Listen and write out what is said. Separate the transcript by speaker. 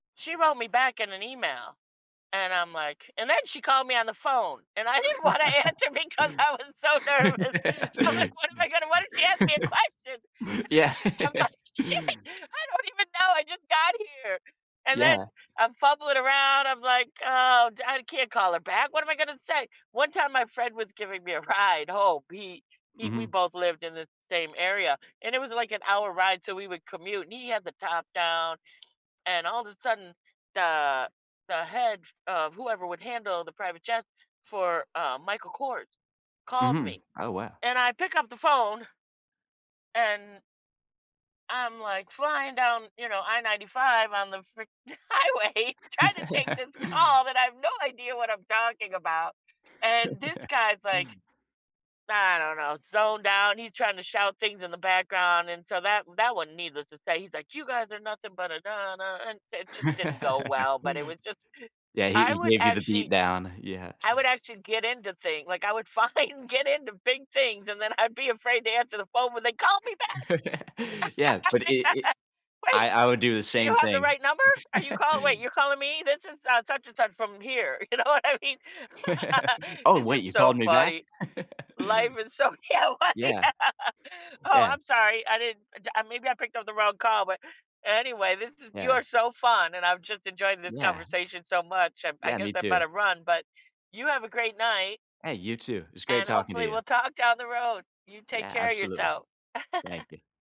Speaker 1: She wrote me back in an email, and I'm, like And then she called me on the phone, and I didn't wanna answer because I was so nervous. I'm like, "What am I gonna what if she ask me a question?" I
Speaker 2: Yeah.
Speaker 1: just just, I'm
Speaker 2: Yeah.
Speaker 1: like, "Shit, I don't even know. I just got here." And then
Speaker 2: Yeah.
Speaker 1: I'm fumbling around. I'm like, "Oh, d I can't call her back. What am I gonna say?" One time my friend was giving me a ride home he he We
Speaker 2: Mhm.
Speaker 1: both lived in the same area, and it was like an hour ride, so, we would commute, and he had the top down. And all of a sudden, the the head f of whoever would handle the private jets for, uh, Michael Kors calls
Speaker 2: Mhm.
Speaker 1: me,
Speaker 2: Oh wow!
Speaker 1: and I pick up the phone. And I'm, like, flying down, you know, I-95 on the freak highway, tryna take this call, that I have no idea what I'm talking about, and this guy's, like, I don't know, zoned out, he's tryna shout things in the background and so, that that one, needless to say He's like, "You guys are nothing but a da da," and it just didn't go well, but it was just
Speaker 2: Yeah. Yeah, he
Speaker 1: I
Speaker 2: he
Speaker 1: would
Speaker 2: gave you the beat
Speaker 1: actually
Speaker 2: down, yeah.
Speaker 1: I would actually get into thing like, I would find get into big things and then I'd be afraid to answer the phone when they call me
Speaker 2: Yeah, but
Speaker 1: back.
Speaker 2: it
Speaker 1: Yeah.
Speaker 2: it
Speaker 1: "Wait,
Speaker 2: I I would do the
Speaker 1: do you
Speaker 2: same
Speaker 1: have the
Speaker 2: thing.
Speaker 1: right number? Are you call wait, you're calling me? This is, uh, such and such from here," you know what I mean?
Speaker 2: Oh
Speaker 1: It's
Speaker 2: wait,
Speaker 1: just
Speaker 2: you
Speaker 1: so
Speaker 2: called me back?
Speaker 1: funny. Life is so Yeah,.
Speaker 2: Yeah.
Speaker 1: [unintelligible] "Oh,
Speaker 2: Yeah.
Speaker 1: I'm sorry. I didn't uh, maybe I picked up the wrong call, but" Anyway, this is you
Speaker 2: Yeah.
Speaker 1: are so, fun and I've just enjoyed this
Speaker 2: Yeah.
Speaker 1: conversation so much. I'm I
Speaker 2: Yeah,
Speaker 1: guess
Speaker 2: me
Speaker 1: I
Speaker 2: too.
Speaker 1: better run, but you have a great night.
Speaker 2: Hey, you too. It's great
Speaker 1: And
Speaker 2: talking to
Speaker 1: hopefully
Speaker 2: you.
Speaker 1: we'll talk down the road. You take
Speaker 2: Yeah,
Speaker 1: care of
Speaker 2: absolutely.
Speaker 1: yourself.
Speaker 2: Thank you.